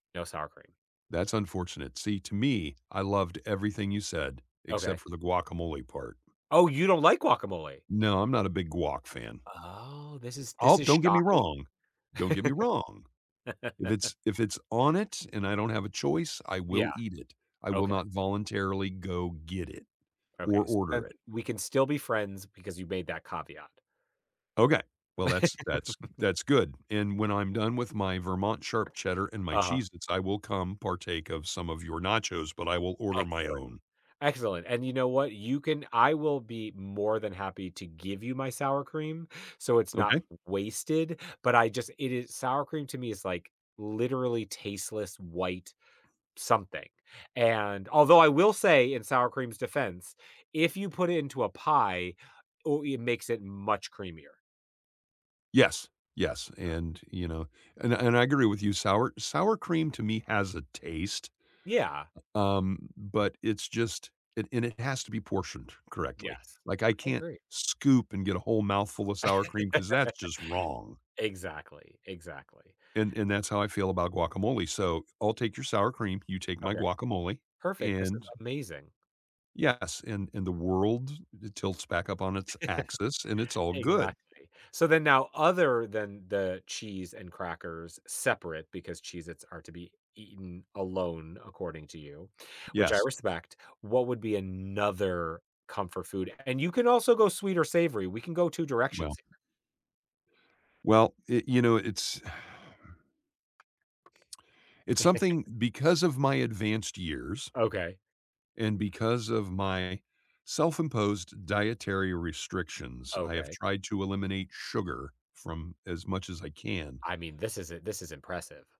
No sour cream. That's unfortunate. See, to me, I loved everything you said, except Okay. for the guacamole part. Oh, you don't like guacamole. No, I'm not a big guac fan. Oh, this is Oh, this is don't get me shocking. wrong, don't get me wrong, if it's if it's on it, and I don't have a choice, I Yeah, will eat it. I will okay. not voluntarily go get it, Okay, or so then, order it. we can still be friends because you made that caveat. Okay, well, that's that's that's good, and when I'm done with my Vermont sharp cheddar and my Uh-huh. Cheez-its, I will come partake of some of your nachos, but I will order my Excellent, own. excellent, and you know what, you can I will be more than happy to give you my sour cream, so it's not Okay. w wasted, but I just, it is sour cream to me is like literally tasteless, white something, and although I will say in sour cream's defense, if you put it into a pie, ooh it makes it much creamier. Yes, yes, So and, you know, and and I agree with you, sour sour cream to me has a taste. Yeah. U um, but it's just, it and it has to be portioned correctly. Yes, Like, I I can't agree. scoop and get a whole mouthful of sour cream, 'cause that's just wrong. Exactly, exactly. And and that's how I feel about guacamole. So, I'll take your sour cream, you take my Okay, guacamole, perfect. This is and amazing. Yes, in in the world, it tilts back up on its axis, and it's all good. Exactly. So then, now other than the cheese and crackers separate because Cheez-its are to be eaten alone according to you, which I Yes. respect, what would be another comfort food? And you can also go sweet or savory, we can go 2 directions Well here. well, it you know, it's it's something because of my advanced years Okay. and because of my self-imposed dietary restrictions, I have Okay. tried to eliminate sugar from as much as I can. I mean, this is i this is impressive.